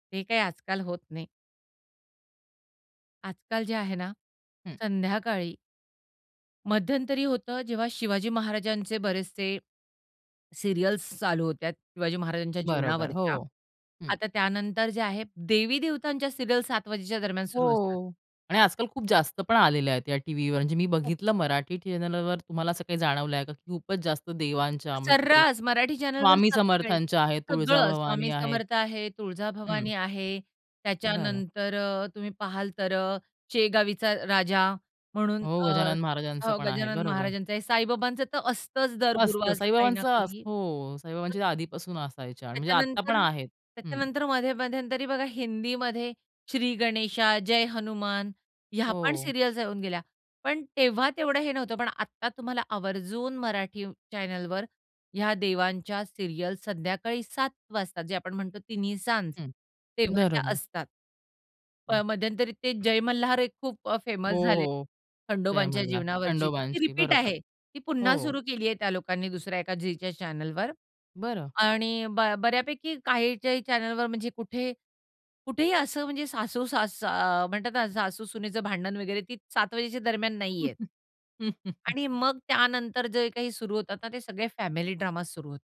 हे काही आजकाल होत नाही. आजकाल जे आहे ना, हं. संध्याकाळी मध्यंतरी होतं, जेव्हा शिवाजी महाराजांचे बरेचसे सीरियल्स चालू होत्या. शिवाजी महाराजांच्या बरोबर, जीवनावरच्या. हो. हं. आता त्यानंतर ज्या आहेत, देवी-देवतांच्या सीरियल्स 7:00 वाजेच्या दरम्यान सुरू असतात. हो. आणि आजकाल खूप जास्त पण आलेल्या आहेत या टीव्हीवर. म्हणजे मी खूप बघितलं मराठी चॅनेलवर तुम्हाला असं काही जाणवलंय का? खूपच जास्त देवांच्या म्हणजे ते सर्रास मराठी चॅनेलवर स्वामी सगळे समर्थांच्या आहेत, सगळं तुळजाभवानी स्वामी आहेत. समर्थ आहे, हं. तुळजाभवानी आहे. बरं. त्याच्यानंतर अ, तुम्ही पाहाल तर अ, शेगावीचा राजा म्हणून हो, अ, गजानन महाराजांचं अ, पण आहे. गजानन बरोबर. महाराजांचं आहे. साईबाबांचं तर असतंच दर असतं गुरुवार काही ना साईबाबांचं, असं काही. हो, [unintelligible] साईबाबांच्या आधीपासून असायच्या. म्हणजे आत्ता पण त्याच्यानंतर आहेत. हं. त्याच्यानंतर मध्ये मध्यंतरी बघा, हिंदीमध्ये श्री गणेशा, जय हनुमान ह्या पण हो. सीरियल्स येऊन गेल्या. पण तेव्हा तेवढं हे नव्हतं. पण आता तुम्हाला आवर्जून मराठी अ, चॅनलवर ह्या देवांच्या सीरियल्स संध्याकाळी 7:00 वाजता जे आपण म्हणतो तिन्हीसांज, हं. तेव्हा त्या बरोबर. असतात. म नाही. मध्यंतरीत ते जय मल्हार एक खूप अ हो, फेमस झालेलं. हो. जय खंडोबाच्या मल्हार जीवनावरची ती. ती खंडोबांची, रिपीट बरोबर. आहे. ती पुन्हा हो. सुरू केलीये त्या लोकांनी दुसऱ्या एका झीच्या चॅनेलवर बरं. आणि ब बऱ्यापैकी काही-काही चॅनेलवर म्हणजे कुठे कुठेही असं म्हणजे सासू सास अ, म्हणतात ना, सासू-सुनेचं भांडण वगैरे, ती 7:00 वाजेच्या दरम्यान नाहीहेत. आणि मग त्यानंतर जे काही सुरू होतात ना, ते सगळे फॅमिली ड्रामाज सुरू होतात.